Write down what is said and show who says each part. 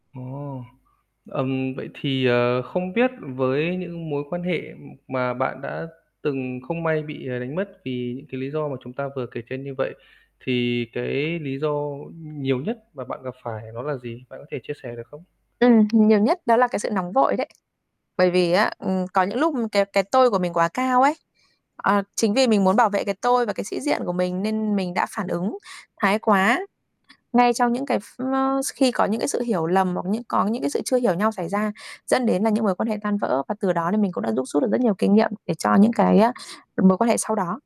Speaker 1: Ồ. Ừm, vậy thì, ờ, không biết với những mối quan hệ mà bạn đã từng không may bị, ờ, đánh mất vì những cái lý do mà chúng ta vừa kể trên như vậy, thì cái lý do nhiều nhất mà bạn gặp phải đó là gì? Bạn có thể chia sẻ được không?
Speaker 2: Ừm, nhiều nhất đó là cái sự nóng vội đấy. Bởi vì á, ừm, có những lúc cái cái tôi của mình quá cao ấy, ờ, chính vì mình muốn bảo vệ cái tôi và cái sĩ diện của mình nên mình đã phản ứng thái quá ngay trong những cái ph ơ, khi có những cái sự hiểu lầm hoặc những có những cái sự chưa hiểu nhau xảy ra dẫn đến là những mối quan hệ tan vỡ và từ đó nên mình cũng đã đúc rút được rất nhiều kinh nghiệm để cho những cái á mối quan hệ sau đó.